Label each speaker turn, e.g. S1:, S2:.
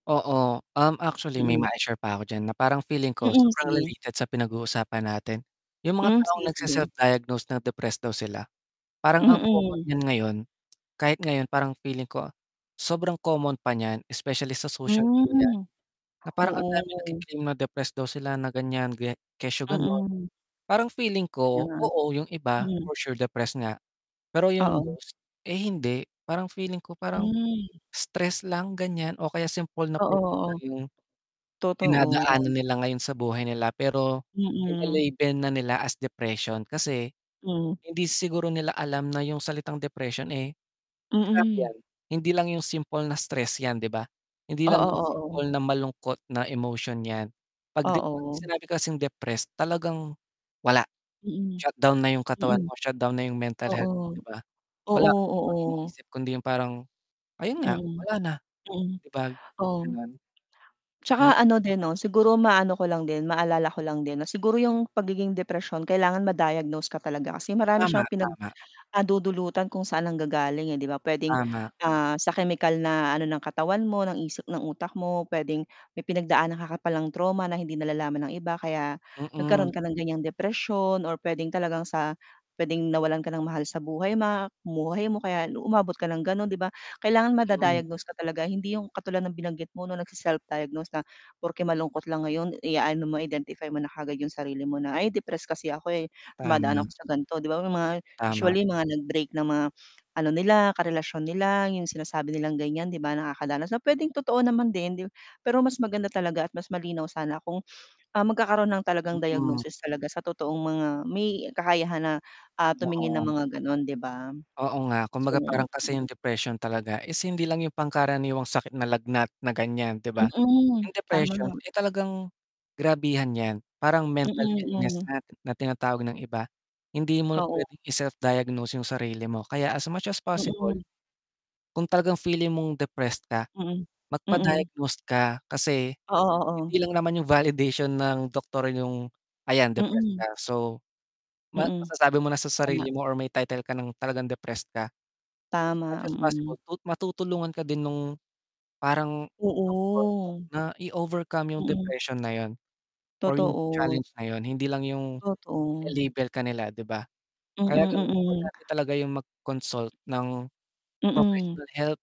S1: Oo, um, actually may
S2: Mm.
S1: mai-share pa ako diyan na parang feeling ko
S2: Mm,
S1: sobrang
S2: sige.
S1: related sa pinag-uusapan natin. Yung mga
S2: Hmm,
S1: taong
S2: sige-sige.
S1: nagse-self-diagnose na depressed daw sila. Parang ang common
S2: Mm.
S1: niyan ngayon, kahit ngayon parang feeling ko, sobrang common pa niyan especially sa social media,
S2: Hmm.
S1: na parang ang daming
S2: Oo.
S1: nagki-cliam na depressed daw sila, na ganiyan, kesyo ganun.
S2: Mm.
S1: Parang feeling
S2: Kaya
S1: ko
S2: nga.
S1: oo yung iba
S2: Mhm.
S1: for sure depressed nga, pero yung
S2: Oo.
S1: most, eh, hindi. Parang feeling ko parang
S2: Hmm.
S1: stress lang ganiyan o kaya simple na
S2: Oo,
S1: problem lang
S2: oo.
S1: yung
S2: Totoo.
S1: dinadaanan nila ngayon sa buhay nila pero,
S2: Mm.
S1: nile-label na nila as depression, kasi
S2: Hmm.
S1: hindi siguro nila alam na yung salitang depression, eh, grabe
S2: Mm.
S1: 'yan. Hindi lang yung simple na stress 'yan, di ba? Hindi lang
S2: Oo,
S1: yung
S2: oo.
S1: simple na malungkot na emotion 'yan. 'Pag dep 'pag
S2: Oo.
S1: sinabi kasing depressed talagang, wala,
S2: Mm.
S1: shutdown na yung katawan
S2: Mm.
S1: mo, shutdown na yung mental
S2: Oo.
S1: health mo, 'di ba? Wala
S2: Oo,
S1: ka namang ibang
S2: oo.
S1: iniisip kundi yung parang, ayun nga,
S2: Mm.
S1: wala na,
S2: Mm.
S1: 'di ba?
S2: Oo.
S1: Ganun. Hmm.
S2: 'Tsaka ano din 'no, siguro maano ko lang din, maalala ko lang din 'no siguro yung pagiging depresyon, kailangan ma-diagnose ka talaga kasi marami
S1: Tama,
S2: siyang pinag
S1: tama.
S2: ah, dudulutan kung saan nanggagaling, eh, 'di ba? Puwedeng,
S1: Tama.
S2: ah, sa kemikal na ano ng katawan mo, ng isip ng utak mo, puwedeng may pinagdaanan ka ka palang trauma na hindi nalalaman ng iba kaya
S1: Mm.
S2: nagkaroon ka ng gan'yang depresyon, or puwedeng talagang sa puwedeng nawalan ka ng mahal sa buhay, ma buhay mo kaya umabot ka ng gano'n, 'di ba? Kailangan
S1: Ayun.
S2: mada-diagnose ka talaga hindi yung katulad ng binanggit mo 'no, nagse-self-diagnose na porke malungkot lang ngayon i-aano mo identify mo na kaagad yung sarili mo na ay depressed kasi ako, eh, dumadaan
S1: Tama.
S2: ako sa ganito, 'di ba, may mga,
S1: Tama.
S2: usually mga nag-break ng mga ano nila karelasyon nila yung sinasabi nilang ganiyan 'di ba, nakakadanas na puwedeng totoo naman din, d pero mas maganda talaga at mas malinaw sana kung, ah, magkakaroon ng talagang
S1: Mm.
S2: diagnosis talaga sa totoong mga may kakayahan na, ah, tumingin ng
S1: Oo.
S2: mga ganun, 'di ba?
S1: Oo nga, kumbaga
S2: So,
S1: parang kasi
S2: m
S1: yung depression talaga is hindi lang yung pangkaraniwang sakit na lagnat, na ganiyan, di ba?
S2: Mm,
S1: Yung
S2: tama
S1: depression,
S2: nga.
S1: eh, talagang grabihan 'yan, parang mental
S2: Mm,
S1: illness
S2: hmm.
S1: na, na tinatawag ng iba, hindi mo
S2: Oo.
S1: puwedeng i-self diagnose yung sarili mo, kaya as much as possible,
S2: Mm.
S1: kung talagang feeling mong depressed ka,
S2: Mm,
S1: magpa
S2: mm.
S1: diagnose ka, kasi,
S2: Oo, oo.
S1: hindi lang naman yung validation ng doktor yung ayan depressed
S2: Mm.
S1: ka. So, ma
S2: Mm.
S1: masasabi mo na sa
S2: Tama.
S1: sarili mo or may title ka ng talagang depressed ka. As much
S2: Tama,
S1: as
S2: mm.
S1: possible, tu matutulungan ka din nung parang doktor mo
S2: Oo.
S1: na i-overcome yung
S2: Mm.
S1: depression na yun, or yung
S2: Totoo t
S1: challenge na yun, hindi lang yung
S2: Totoo.
S1: ile-label ka nila, 'di ba?
S2: Mm,
S1: Kaya ganun,
S2: mm.
S1: importante talaga yung mag-consult ng
S2: Mm.
S1: professional help.